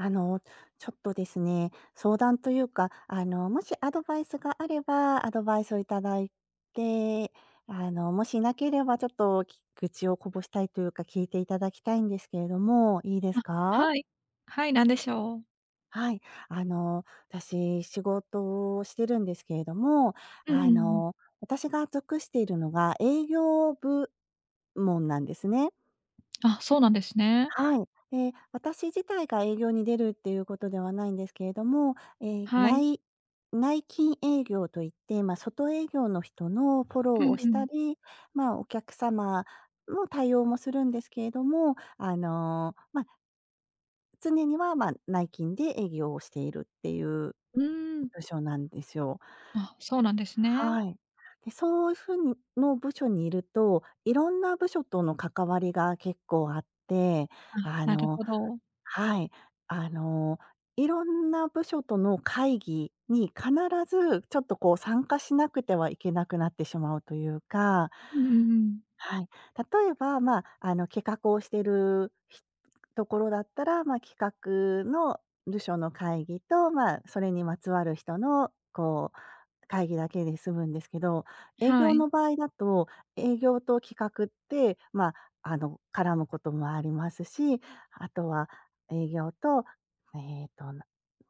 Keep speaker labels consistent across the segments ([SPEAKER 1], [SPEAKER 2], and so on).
[SPEAKER 1] あの、ちょっとですね、相談というか、あの、もしアドバイスがあれば、アドバイスを頂いて、あの、もし無ければちょっと、き愚痴をこぼしたいというか、聞いて頂きたいんですけれども、いいです
[SPEAKER 2] あ、
[SPEAKER 1] か？
[SPEAKER 2] はい。はい、何でしょう。
[SPEAKER 1] はい。あの、私、仕事をしてるんですけれども、
[SPEAKER 2] うんうん
[SPEAKER 1] あ
[SPEAKER 2] うん。
[SPEAKER 1] の、私が属しているのが営業部門なんですね。
[SPEAKER 2] あ、そうなんですね。
[SPEAKER 1] はい。え、私自体が営業に出るっていうことではないんですけれども、え、
[SPEAKER 2] はい。
[SPEAKER 1] 内内勤営業と言って、ま、外営業の人のフォロー
[SPEAKER 2] うん
[SPEAKER 1] をし
[SPEAKER 2] う
[SPEAKER 1] た
[SPEAKER 2] ん。
[SPEAKER 1] り、まあ、お客様の対応もするんですけれども、あの、ま常には、まあ、内勤で営業をしているっていう
[SPEAKER 2] うーん。
[SPEAKER 1] 部署なんですよ。
[SPEAKER 2] あ、そうなんですね。
[SPEAKER 1] はい。で、そうふうにの部署にいると、いろんな部署との関わりが結構あって、
[SPEAKER 2] あ、
[SPEAKER 1] あ
[SPEAKER 2] なる
[SPEAKER 1] の
[SPEAKER 2] ほど。
[SPEAKER 1] はい、あの、いろんな部署との会議に必ず、ちょっと、こう、参加しなくてはいけなくなってしまうというか
[SPEAKER 2] うんうんうん。
[SPEAKER 1] はい。例えば、まあ、あの、企画をしてるひところだったら、ま、企画の部署の会議と、まあ、それにまつわる人の、こう、会議だけで済むんですけど、
[SPEAKER 2] え、
[SPEAKER 1] 営
[SPEAKER 2] は
[SPEAKER 1] 業の
[SPEAKER 2] い。
[SPEAKER 1] 場合だと、営業と企画って、まあ。あの、絡むこともありますし、あとは営業と、えっと、な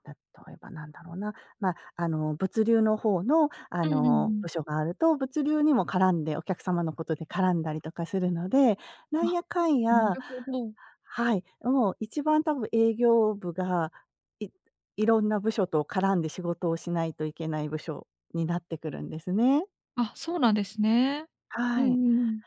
[SPEAKER 1] 例えばなんだろうな、まあ、あの、物流の方の、あ
[SPEAKER 2] うんうんう
[SPEAKER 1] の、
[SPEAKER 2] ん。
[SPEAKER 1] 部署があると、物流にも絡んで、お客様のことで絡んだりとかするので、なん
[SPEAKER 2] あ、
[SPEAKER 1] やかん
[SPEAKER 2] な
[SPEAKER 1] や
[SPEAKER 2] るほど。
[SPEAKER 1] はい、あ、もう一番たぶん営業部が、いいろんな部署と絡んで仕事をしないといけない部署になってくるんですね。
[SPEAKER 2] あ、そうなんですね。う
[SPEAKER 1] はい。
[SPEAKER 2] んうん。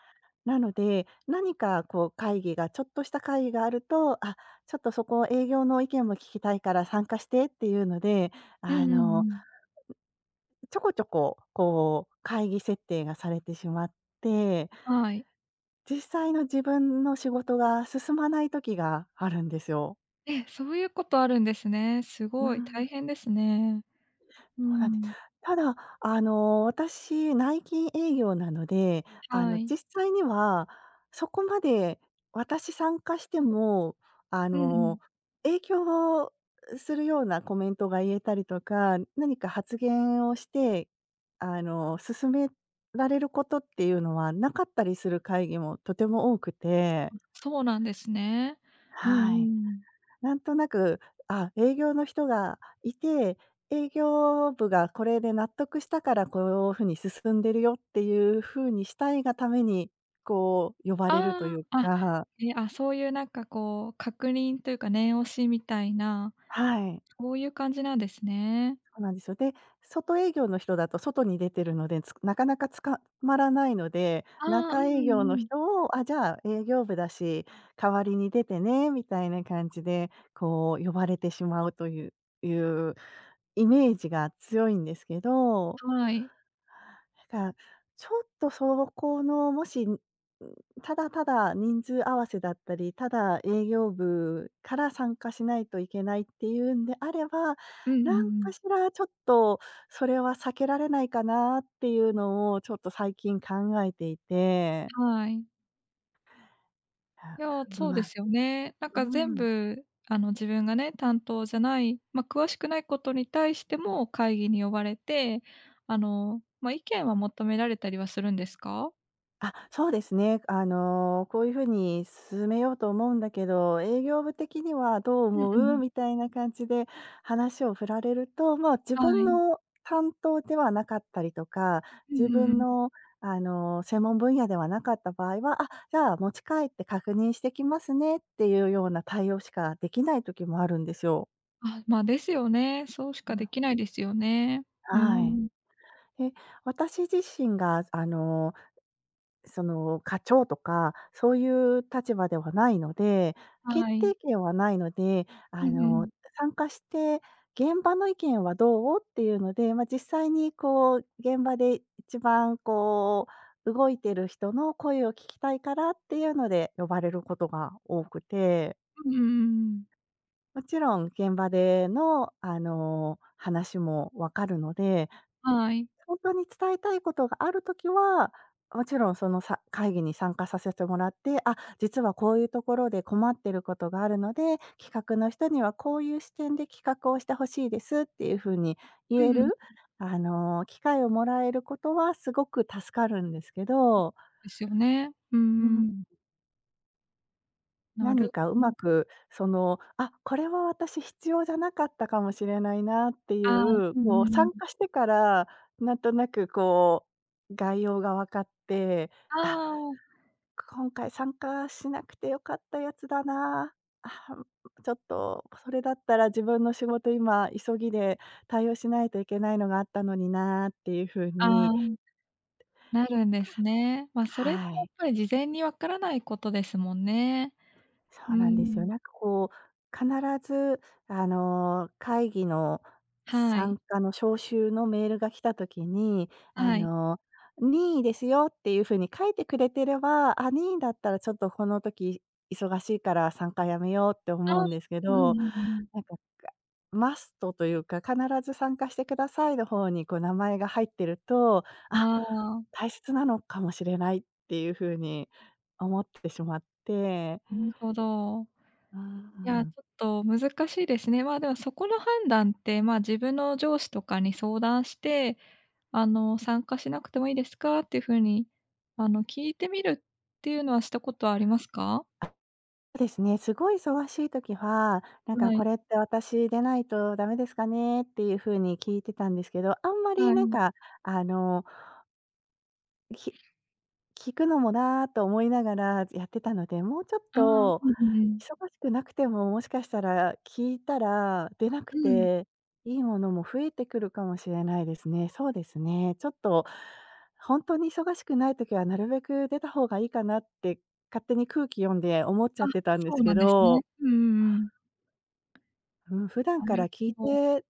[SPEAKER 1] なので、何かこう会議がちょっとした会議があると、あ、ちょっとそこ、営業の意見も聞きたいから参加してっていうので、
[SPEAKER 2] うんう
[SPEAKER 1] あ
[SPEAKER 2] ん
[SPEAKER 1] の、
[SPEAKER 2] うん。
[SPEAKER 1] ちょこちょこ、こう、会議設定がされてしまって
[SPEAKER 2] はい。
[SPEAKER 1] 実際の自分の仕事が進まない時があるんですよ。
[SPEAKER 2] ええ、そういうことあるんですね。す
[SPEAKER 1] うー
[SPEAKER 2] ごい、
[SPEAKER 1] ん。
[SPEAKER 2] 大変ですね。うー
[SPEAKER 1] ほうなんで
[SPEAKER 2] ん。
[SPEAKER 1] ただ、あの私、内勤営業なので、あ
[SPEAKER 2] は
[SPEAKER 1] の
[SPEAKER 2] い。
[SPEAKER 1] 実際には、そこまで、私参加しても、あ
[SPEAKER 2] うんう
[SPEAKER 1] の、
[SPEAKER 2] ん。
[SPEAKER 1] 影響をするようなコメントが言えたりとか、何か発言をして、あの、進められることっていうのは無かったりする会議もとても多くて。
[SPEAKER 2] あ、そうなんですね。うんうん
[SPEAKER 1] は
[SPEAKER 2] う
[SPEAKER 1] い。
[SPEAKER 2] ん。
[SPEAKER 1] なんとなく、ああ、営業の人がいて、営業部がこれで納得したから、こう風に進んでるよっていう風にしたいがために、こう、呼ばれる
[SPEAKER 2] あ
[SPEAKER 1] という
[SPEAKER 2] あ、あ、
[SPEAKER 1] か。
[SPEAKER 2] え、あ、そういうなんかこう、確認というか念押しみたいな、
[SPEAKER 1] はい。
[SPEAKER 2] こういう感じなんですね。
[SPEAKER 1] そうなんですよ。で、外営業の人だと外に出てるので、つ中々捕まらないので、
[SPEAKER 2] ああ、う
[SPEAKER 1] 中
[SPEAKER 2] んう
[SPEAKER 1] 営業
[SPEAKER 2] んう
[SPEAKER 1] の
[SPEAKER 2] ん。
[SPEAKER 1] 人を、ああ、じゃあ営業部だし、代わりに出てね、みたいな感じでこう、呼ばれてしまうといういうイメージが強いんですけど。
[SPEAKER 2] はい。
[SPEAKER 1] た、ちょっとそのこのもし、うーん、ただただ、人数合わせだったり、ただ、営業部から参加しないといけないっていうんであれば、
[SPEAKER 2] うんうん
[SPEAKER 1] なん
[SPEAKER 2] う
[SPEAKER 1] か
[SPEAKER 2] ん。
[SPEAKER 1] しら、ちょっと、それは避けられないかなっていうのを、ちょっと最近考えていて。
[SPEAKER 2] はい。
[SPEAKER 1] あ、
[SPEAKER 2] いや、
[SPEAKER 1] う
[SPEAKER 2] そうで
[SPEAKER 1] ま
[SPEAKER 2] すよね。なん
[SPEAKER 1] う
[SPEAKER 2] か、全
[SPEAKER 1] ーん。
[SPEAKER 2] 部、あの、自分がね、担当じゃない、ま、詳しくないことに対しても会議に呼ばれて、あの、ま、意見は求められたりはするんですか？
[SPEAKER 1] あ、そうですね。あの、「こういう風に進めようと思うんだけど、営業部的にはどう
[SPEAKER 2] うん
[SPEAKER 1] 思
[SPEAKER 2] う
[SPEAKER 1] う？」
[SPEAKER 2] ん。
[SPEAKER 1] みたいな感じで話を振られると、まあ、自
[SPEAKER 2] は
[SPEAKER 1] 分
[SPEAKER 2] い。
[SPEAKER 1] の担当ではなかったりとか、
[SPEAKER 2] うん
[SPEAKER 1] 自
[SPEAKER 2] う
[SPEAKER 1] 分
[SPEAKER 2] んうん。
[SPEAKER 1] の、あの、専門分野ではなかった場合は、「あ、じゃあ、持ち帰って確認してきますね」っていうような対応しかできない時もあるんですよ。
[SPEAKER 2] あ、ま、ですよね。そうし
[SPEAKER 1] う
[SPEAKER 2] かで
[SPEAKER 1] む。
[SPEAKER 2] きないですよね。うー
[SPEAKER 1] は
[SPEAKER 2] ん。
[SPEAKER 1] い。え、私自身が、あの、その、課長とか、そういう立場ではないので、決
[SPEAKER 2] はい。
[SPEAKER 1] 定権はないので、
[SPEAKER 2] う
[SPEAKER 1] あ
[SPEAKER 2] んう
[SPEAKER 1] の、
[SPEAKER 2] ん。
[SPEAKER 1] 参加して、「現場の意見はどう？」っていうので、ま、実際に、こう、現場で一番、こう、動いてる人の声を聞きたいからっていうので呼ばれることが多くて
[SPEAKER 2] うんうんうんうん。
[SPEAKER 1] もちろん、現場での、あの、話も分かるので、
[SPEAKER 2] はい。
[SPEAKER 1] ほんとに伝えたいことがある時は、おもちろん、その、さ会議に参加させてもらって、「あ、実はこういうところで困ってることがあるので、企画の人にはこういう視点で企画をして欲しいです」っていう風に
[SPEAKER 2] う
[SPEAKER 1] 言え
[SPEAKER 2] んうん。
[SPEAKER 1] る、あの、機会をもらえることはすごく助かるんですけ
[SPEAKER 2] う
[SPEAKER 1] ど
[SPEAKER 2] ですよね、う
[SPEAKER 1] うー
[SPEAKER 2] んうん。
[SPEAKER 1] ん。
[SPEAKER 2] な
[SPEAKER 1] 何
[SPEAKER 2] る
[SPEAKER 1] か
[SPEAKER 2] う
[SPEAKER 1] 上
[SPEAKER 2] ん。
[SPEAKER 1] 手くその、あっ、これは私必要じゃなかったかもしれないなってい
[SPEAKER 2] ああ、
[SPEAKER 1] う、
[SPEAKER 2] う
[SPEAKER 1] こ
[SPEAKER 2] ん
[SPEAKER 1] う、
[SPEAKER 2] うんう
[SPEAKER 1] 参
[SPEAKER 2] ん。
[SPEAKER 1] 加してから、何となくこう、概要が分かって、あ、
[SPEAKER 2] ああ。
[SPEAKER 1] 今回参加しなくて良かったやつだな、あは、ううちょっとそれだったら、自分の仕事今急ぎで対応しないといけないのがあったのになっていう風
[SPEAKER 2] ああ。
[SPEAKER 1] に
[SPEAKER 2] なるんですね。ま、
[SPEAKER 1] た
[SPEAKER 2] それっ
[SPEAKER 1] は
[SPEAKER 2] て、
[SPEAKER 1] は
[SPEAKER 2] やっ
[SPEAKER 1] い。
[SPEAKER 2] ぱり事前にわからないことですもんね。
[SPEAKER 1] そ
[SPEAKER 2] うー
[SPEAKER 1] うなんですよ。
[SPEAKER 2] ん。
[SPEAKER 1] なんかこう、必ずあの、会議の
[SPEAKER 2] はい。
[SPEAKER 1] 参加の招集のメールが来た時に、あ
[SPEAKER 2] はい。
[SPEAKER 1] の「任意ですよ」っていう風に書いてくれてれば、あ、任意だったら、ちょっとこの時、忙しいから参加辞めようって
[SPEAKER 2] あ
[SPEAKER 1] 思う
[SPEAKER 2] あ。
[SPEAKER 1] んですけ
[SPEAKER 2] ううん
[SPEAKER 1] ど。
[SPEAKER 2] うんうん。
[SPEAKER 1] なんか、かマストというか「必ず参加してください」の方に、こう、名前が入ってると、あ、
[SPEAKER 2] ああ。
[SPEAKER 1] 大切なのかもしれないっていう風に思ってしまって。
[SPEAKER 2] ぬほど。
[SPEAKER 1] うん、う-う
[SPEAKER 2] いや、ち
[SPEAKER 1] ん。
[SPEAKER 2] ょっと難しいですね。ま、でも、そこの判断って、ま、自分の上司とかに相談して、あの「参加しなくてもいいですか？」って風に、あの、聞いてみるっていうのはしたことありますか？
[SPEAKER 1] あ、ですね。すごい忙しい時は「なんか
[SPEAKER 2] は
[SPEAKER 1] こ
[SPEAKER 2] い。
[SPEAKER 1] れって私でないと駄目ですかね？」っていう風に聞いてたんですけど、あんまり
[SPEAKER 2] は
[SPEAKER 1] なん
[SPEAKER 2] い。
[SPEAKER 1] か、あのん、ひ聞くのもなと思いながら、ずやってたので、もうちょっ
[SPEAKER 2] ああ、う
[SPEAKER 1] と
[SPEAKER 2] ん、ううん。
[SPEAKER 1] 忙しくなくてももしかしたら聞いたら出なく
[SPEAKER 2] うん。
[SPEAKER 1] て、良いものも増えてくるかもしれないですね。そうですね、ちょっとほんとに忙しくない時はなるべく出た方がいいかなって、勝手に空気読んで思っち
[SPEAKER 2] あ、
[SPEAKER 1] ゃってたんで
[SPEAKER 2] そ
[SPEAKER 1] す
[SPEAKER 2] う
[SPEAKER 1] け
[SPEAKER 2] なんですね。
[SPEAKER 1] ど
[SPEAKER 2] うんうんうん。
[SPEAKER 1] うん、普段
[SPEAKER 2] な
[SPEAKER 1] か
[SPEAKER 2] る
[SPEAKER 1] ら聞い
[SPEAKER 2] ほど。
[SPEAKER 1] て、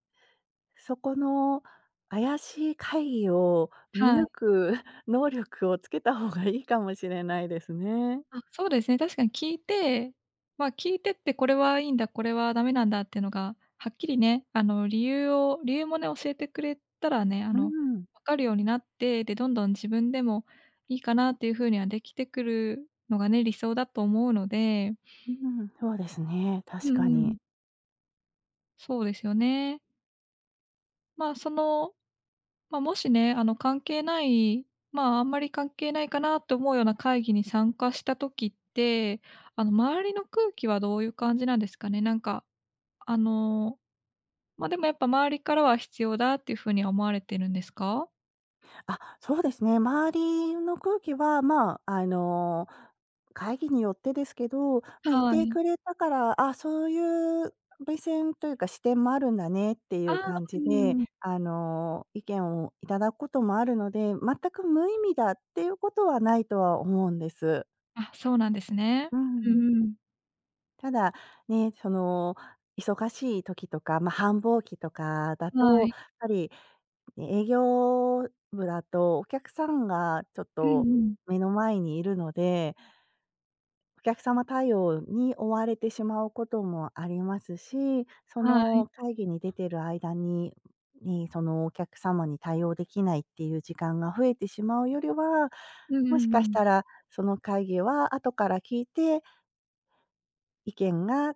[SPEAKER 1] そこの怪しい会議を見
[SPEAKER 2] は
[SPEAKER 1] 抜
[SPEAKER 2] い。
[SPEAKER 1] く能力をつけた方がいいかもしれないですね。
[SPEAKER 2] あ、そうですね、確かに聞いて、まあ、聞いてって、これはいいんだ、これは駄目なんだ。っていうのが、はっきりね、あの、理由を理由もね教えてくれたらね、あ
[SPEAKER 1] うー
[SPEAKER 2] の、
[SPEAKER 1] ん。
[SPEAKER 2] 分かるようになって、で、どんどん自分でも、いいかなっていう風にはできてくるのがね、理想だと思うので
[SPEAKER 1] ううん、そうですね、
[SPEAKER 2] う
[SPEAKER 1] 確
[SPEAKER 2] ん
[SPEAKER 1] か
[SPEAKER 2] うん。
[SPEAKER 1] に。
[SPEAKER 2] そうですよね。まあ、その、ま、もしね、あの、関係ない、まあ、あんまり関係ないかなと思うような会議に参加した時って、あの、周りの空気はどういう感じなんですかね。なんか、あの、ま、でもやっぱ周りからは必要だっていう風には、思われてるんですか？
[SPEAKER 1] あ、そうですね、周りの空気はまあ、あの、会議によってですけど、ま、い
[SPEAKER 2] は
[SPEAKER 1] て
[SPEAKER 2] い。
[SPEAKER 1] くれたから、あ、そういう目線というか、視点もあるんだねってい
[SPEAKER 2] あ
[SPEAKER 1] う
[SPEAKER 2] あ、
[SPEAKER 1] 感
[SPEAKER 2] う
[SPEAKER 1] じで、
[SPEAKER 2] ん。
[SPEAKER 1] あの、意見を頂くこともあるので、全く無意味だっていうことは無いとは思うんです。
[SPEAKER 2] あ、そうなんですね。
[SPEAKER 1] う
[SPEAKER 2] う
[SPEAKER 1] ん。
[SPEAKER 2] んうん。
[SPEAKER 1] ただ、ね、その忙しい時とか、ま、繁忙期とかだ
[SPEAKER 2] は
[SPEAKER 1] と、
[SPEAKER 2] い。
[SPEAKER 1] ぱり、え営業部だとお客さんがちょっ
[SPEAKER 2] うん
[SPEAKER 1] と
[SPEAKER 2] うん。
[SPEAKER 1] 目の前にいるのでお客様対応に追われてしまうこともありますし、そ
[SPEAKER 2] はい。
[SPEAKER 1] の会議に出てる間にに、そのお客様に対応できないっていう時間が増えてしまうよりは、
[SPEAKER 2] うんう
[SPEAKER 1] もし
[SPEAKER 2] んう
[SPEAKER 1] かし
[SPEAKER 2] ん。
[SPEAKER 1] たらその会議は後から聞いて意見が、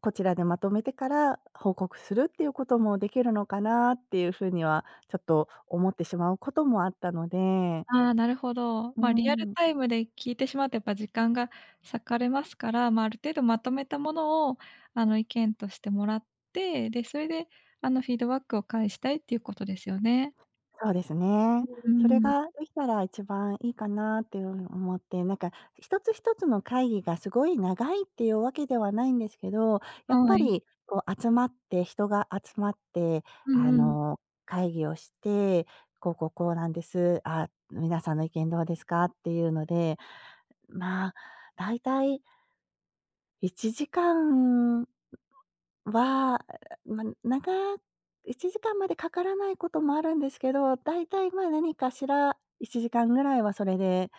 [SPEAKER 1] こちらでまとめてから報告するっていうこともできるのかなっていう風には、ちょっと思ってしまうこともあったので。
[SPEAKER 2] ああ、なるほど。
[SPEAKER 1] う
[SPEAKER 2] ま、リアル
[SPEAKER 1] ん。
[SPEAKER 2] タイムで聞いてしまうとやっぱ時間が割かれますから、ま、ある程度まとめたものを、あの、意見としてもらって、で、それであの、フィードバックを返したいっていうことですよね。
[SPEAKER 1] そうです
[SPEAKER 2] [unintelligible]
[SPEAKER 1] ね。
[SPEAKER 2] うー
[SPEAKER 1] それ
[SPEAKER 2] ん。
[SPEAKER 1] ができたら一番いいかなっていう風に思って、なんか、一つ一つの会議がすごい長いっていうわけではないんですけど、やっ
[SPEAKER 2] は
[SPEAKER 1] ぱ
[SPEAKER 2] い。
[SPEAKER 1] り、こう集まって、人が集まって、
[SPEAKER 2] うん
[SPEAKER 1] あ
[SPEAKER 2] うん。
[SPEAKER 1] の、会議をして、「こう、こう、こう、なんです、あ、皆さんの意見どうですか？」っていうので、ま、大体1時間は、ま、長1時間までかからないこともあるんですけど、大体まあ何かしら、1時間ぐらいはそれで、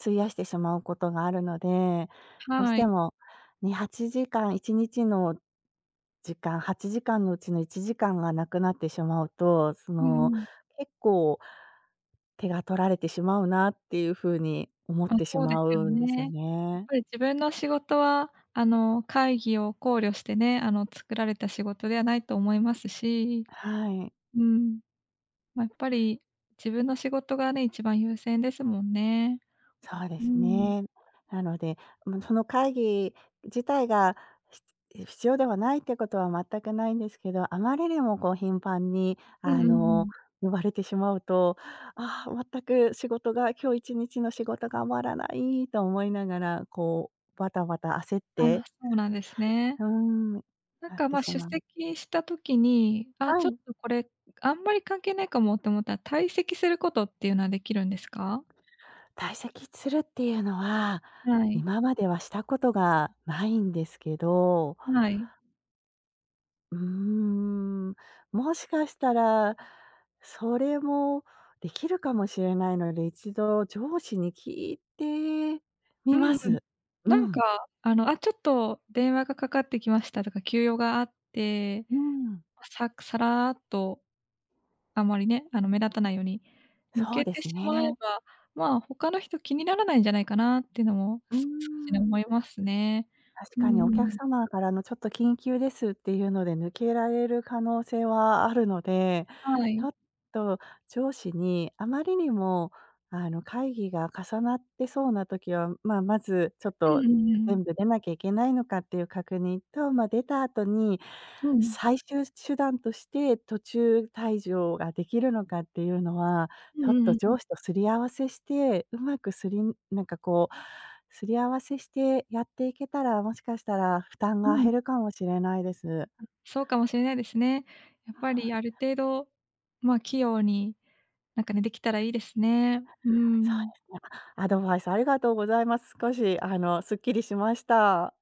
[SPEAKER 1] 費やしてしまうことがあるので、どうし
[SPEAKER 2] は
[SPEAKER 1] て
[SPEAKER 2] い。
[SPEAKER 1] も、2、8時間、1日の、時間、8時間のうちの1時間が無くなってしまうと、そ
[SPEAKER 2] うん
[SPEAKER 1] の
[SPEAKER 2] うん。
[SPEAKER 1] 結構手が取られてしまうなっていう風に思っ
[SPEAKER 2] あ、
[SPEAKER 1] てし
[SPEAKER 2] そうで
[SPEAKER 1] ま
[SPEAKER 2] すよ
[SPEAKER 1] うんです
[SPEAKER 2] ね。
[SPEAKER 1] よ
[SPEAKER 2] やっ
[SPEAKER 1] ね。
[SPEAKER 2] ぱり自分の仕事はあの、会議を考慮してね、あの、作られた仕事ではないと思いますし、
[SPEAKER 1] はい。
[SPEAKER 2] うん。ま、やっぱり自分の仕事がね、一番優先ですもんね。
[SPEAKER 1] そうで
[SPEAKER 2] う
[SPEAKER 1] す
[SPEAKER 2] ん。
[SPEAKER 1] ね。なので、も、その会議自体が、ひつえ、必要ではないってことは全くないんですけど、あまりにもこう頻繁に
[SPEAKER 2] う
[SPEAKER 1] あ
[SPEAKER 2] んうんう
[SPEAKER 1] の、
[SPEAKER 2] ん。
[SPEAKER 1] 呼ばれてしまうと、「ああ、全く仕事が今日一日の仕事が終わらない」と思いながら、こうバタバタ焦っ
[SPEAKER 2] あ、
[SPEAKER 1] て、
[SPEAKER 2] そうなんです ね。
[SPEAKER 1] うん。
[SPEAKER 2] なん
[SPEAKER 1] なっ
[SPEAKER 2] か、
[SPEAKER 1] て
[SPEAKER 2] ま、
[SPEAKER 1] し
[SPEAKER 2] 出
[SPEAKER 1] まう。
[SPEAKER 2] 席した時に、「あ、
[SPEAKER 1] は
[SPEAKER 2] ちょっ
[SPEAKER 1] い。
[SPEAKER 2] とこれ、あんまり関係ないかも」って思ったら、退席することっていうのはできるんですか？
[SPEAKER 1] 退席するっていうのは、
[SPEAKER 2] はい。
[SPEAKER 1] 今まではしたことがないんですけど。
[SPEAKER 2] はい。
[SPEAKER 1] うーん、もしかしたら、それもできるかもしれないので、一度上司に聞いて
[SPEAKER 2] う
[SPEAKER 1] みま
[SPEAKER 2] んうん。
[SPEAKER 1] す。う
[SPEAKER 2] なん
[SPEAKER 1] ん。
[SPEAKER 2] かあの、あ、ちょっと電話がかかってきましたとか急用があって、
[SPEAKER 1] うん。
[SPEAKER 2] さくさらっと。あまりね、あの目立たないように抜
[SPEAKER 1] そう
[SPEAKER 2] け
[SPEAKER 1] で
[SPEAKER 2] て
[SPEAKER 1] す
[SPEAKER 2] しまえ
[SPEAKER 1] ね。
[SPEAKER 2] ば、まあ、他の人気にならないんじゃないかなっていうのも
[SPEAKER 1] うー
[SPEAKER 2] す少しね
[SPEAKER 1] ん。
[SPEAKER 2] 思いますね。
[SPEAKER 1] 確
[SPEAKER 2] う
[SPEAKER 1] かに、お客
[SPEAKER 2] ん。
[SPEAKER 1] 様からの「ちょっと緊急です」っていうので抜けられる可能性はあるので、
[SPEAKER 2] は
[SPEAKER 1] ちょ
[SPEAKER 2] い。
[SPEAKER 1] っと上司にあまりにもあの、会議が重なってそうな時は、まあ、まずちょっ
[SPEAKER 2] う
[SPEAKER 1] と、
[SPEAKER 2] んうんう
[SPEAKER 1] え、
[SPEAKER 2] ん。
[SPEAKER 1] 全部出なきゃいけないのかっていう確認と、ま、出た後に、
[SPEAKER 2] うん。
[SPEAKER 1] 最終手段として途中退場ができるのかっていうのは、
[SPEAKER 2] うん
[SPEAKER 1] ちょっ
[SPEAKER 2] うんう
[SPEAKER 1] と
[SPEAKER 2] んう
[SPEAKER 1] 上
[SPEAKER 2] ん。
[SPEAKER 1] 司と擦り合わせして、上手くすりなんかこう、擦り合わせしてやっていけたら、もしかしたら負担
[SPEAKER 2] う
[SPEAKER 1] が減
[SPEAKER 2] ん。
[SPEAKER 1] るかもしれないです。
[SPEAKER 2] ん、そうかもしれないですね。やっぱりある程度、まあ、器用になんかね、できたらいいですね。うー
[SPEAKER 1] そうで
[SPEAKER 2] ん。
[SPEAKER 1] すね。アドバイスありがとうございます。少しあのすっきりしました。